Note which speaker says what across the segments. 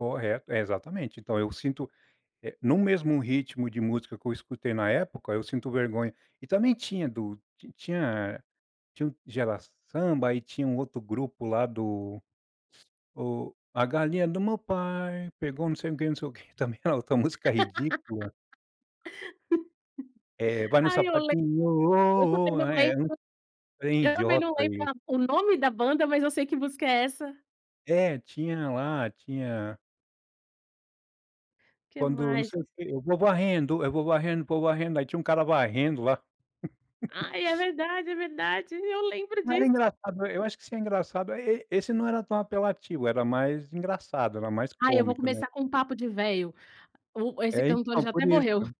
Speaker 1: Correto, é exatamente. Então eu sinto, eh, em um mesmo ritmo de música que eu escutei na época, eu sinto vergonha. E também tinha do tinha tinha o Gerasamba. Aí tinha um outro grupo lá do o: A galinha do meu pai pegou não sei o quê, não sei o quê. Também era outra música ridícula. É vai no
Speaker 2: Ai eu lembro.
Speaker 1: sapatinho
Speaker 2: Eu
Speaker 1: ô,
Speaker 2: também
Speaker 1: ô.
Speaker 2: não lembro.
Speaker 1: Era um trem
Speaker 2: Eu também não
Speaker 1: idiota
Speaker 2: lembro
Speaker 1: e
Speaker 2: a o nome da banda, mas eu sei que música é essa.
Speaker 1: É, tinha lá. Tinha
Speaker 2: Que
Speaker 1: Quando não
Speaker 2: mais?
Speaker 1: sei o quê eu vou varrendo, eu vou varrendo, vou varrendo. Aí tinha um cara varrendo lá.
Speaker 2: Ai, é verdade. É verdade. Eu lembro
Speaker 1: Era
Speaker 2: disso.
Speaker 1: engraçado. Eu acho que isso é engraçado é e esse não era tão apelativo. Era mais engraçado, era mais
Speaker 2: Ai, eu vou
Speaker 1: cômico, né.
Speaker 2: começar com um papo de velho. O esse
Speaker 1: É,
Speaker 2: cantor
Speaker 1: então,
Speaker 2: já
Speaker 1: por
Speaker 2: até
Speaker 1: isso,
Speaker 2: morreu.
Speaker 1: né.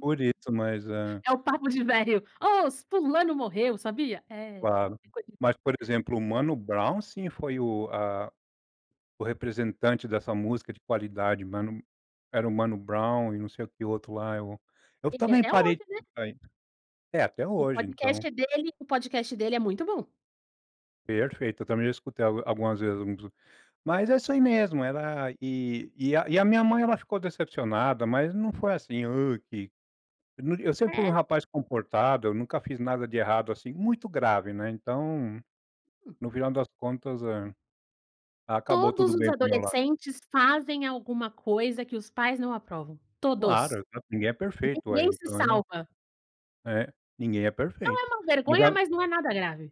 Speaker 1: Por isso, mas é
Speaker 2: É o papo de velho: "Ô, ci fulano morreu, sabia?" É,
Speaker 1: Claro.
Speaker 2: é coisa de
Speaker 1: Mas, por exemplo, o Mano Brown, sim, foi o a o representante dessa música de qualidade. Mano era o Mano Brown e não sei o quê o outro lá. É o Eu
Speaker 2: Ele é
Speaker 1: também
Speaker 2: até
Speaker 1: parei
Speaker 2: hoje,
Speaker 1: de
Speaker 2: né?
Speaker 1: escutar isso. É, até
Speaker 2: O
Speaker 1: hoje, então
Speaker 2: podcast é dele. O podcast dele é muito bom.
Speaker 1: Perfeito. Eu também já escutei algu algumas vezes uns. Mas é isso aí mesmo. Era e e a minha mãe, ela ficou decepcionada. Mas não foi assim: “Hã, que”. Eu não di eu sempre fui um
Speaker 2: É.
Speaker 1: rapaz comportado. Eu nunca fiz nada de errado, assim, muito grave, né? Então,
Speaker 2: Hum.
Speaker 1: no final das contas, eh, acabou
Speaker 2: Todos
Speaker 1: tudo
Speaker 2: os
Speaker 1: bem pro meu lado.
Speaker 2: adolescentes fazem alguma coisa que os pais não aprovam. Todos.
Speaker 1: Claro, tan ninguém é perfeito, uaí,
Speaker 2: Ninguém se
Speaker 1: então, eu
Speaker 2: salva.
Speaker 1: É, ninguém é
Speaker 2: Não é
Speaker 1: perfeito,
Speaker 2: uma
Speaker 1: mas
Speaker 2: vergonha,
Speaker 1: ela
Speaker 2: mas não é nada grave.